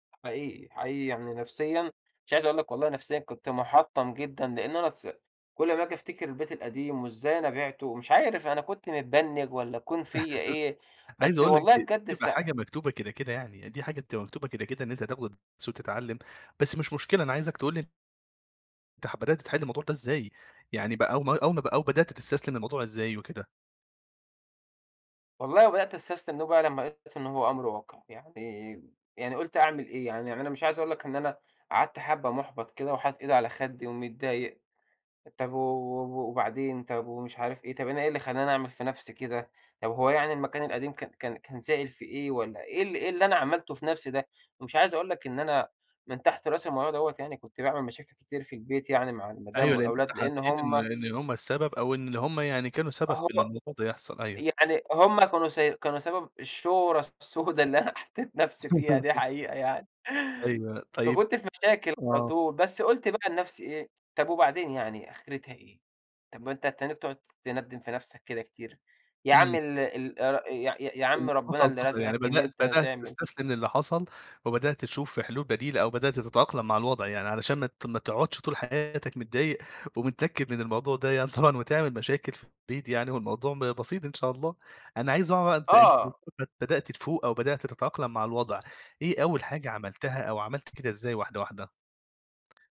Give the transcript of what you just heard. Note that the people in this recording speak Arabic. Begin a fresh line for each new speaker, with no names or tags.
حقيقي، حقيقي يعني نفسيًا مش عايز أقول لك والله نفسيًا كنت مُحطّم جدًا لإن أنا تس كل أمّا آجي أفتكر البيت القديم وإزاي أنا بِعتُه؟ ومش عارف أنا كنت متبنّج والّا كون فيّا إيه.
عايز
بس
أقول لك
والله
دي دي
بجد
بتبقى
س
حاجة مكتوبة كده، كده يعني. دي حاجة بتبقى مكتوبة كده، كده إن أنت تاخد تسو تتعلّم، بس مش مشكلة أنا عايزك تقول لي تح بدأت تتحل الموضوع ده إزاي؟ يعني بقى أو ما أو ما بقى أو بدأت تستسلم الموضوع إزاي وكده؟
والله وبدأت أستستلم إنّه بقى لمّا لقيت إنه هو أمر واقع. يعني يعني قُلت أعمل إيه! يعني أنا أنا مش عايز أقول لك إن أنا قعدت حبّة مُحبّط كده وحاطط إيدي على خدِّي ومتضايق، طب و و وبعدين، طب ومش عارف إيه، طب أنا إيه اللي خلّاني أعمل في نفسي كده، طب هو يعني المكان القديم كان كان كان زعل في إيه والّا إيه ال إيه اللي أنا عملته في نفسي ده! مش عايز أقول لك إن أنا من تحت رأس الموضوع دوّة يعني كنت باعمل مشاكل كتير في البيت يعني مع المدام
أيوه. لإن أنت
والأولاد لإن
حسّيت إن
هم
إن هم السبب أو إن اللي هم يعني كانوا سبب
أهأ
في إن الموضوع ده يحصل أيوه.
يعني هم كانوا س كانوا سبب الشورة السودة اللي أنا حطّيت نفسي فيها دي حقيقة يعني.
أيوه. طيب
فكنت في مشاكل على
آه.
طول. بس قُلت بقى لنفسي إيه، طب وبعدين يعني آخرتها إيه؟ طب ما أنت هتّنّيك تقعد تندِّم في نفسك كده كتير؟ يا
إمم.
عمّي ال ال أ يا يا
اللي
عمّي ربنا
حصل،
اللي
حصل. يعني
رزقك إن
بدأت
أنت
بدأت
تعمل
تستسلم للّي حصل وبدأت تشوف في حلول بديلة أو بدأت تتأقلم مع الوضع، يعني علشان ما ت ما تقعدش طول حياتك متضايق ومتنكِّد من الموضوع ده يعني طبعًا وتعمل مشاكل في البيت يعني والموضوع م بسيط إن شاء الله. أنا عايز أعرف أنت أنت
آه.
[unintelligible] بدأت تفوق أو بدأت تتأقلم مع الوضع، إيه أول حاجة عملتها أو عملت كده إزاي واحدة، واحدة؟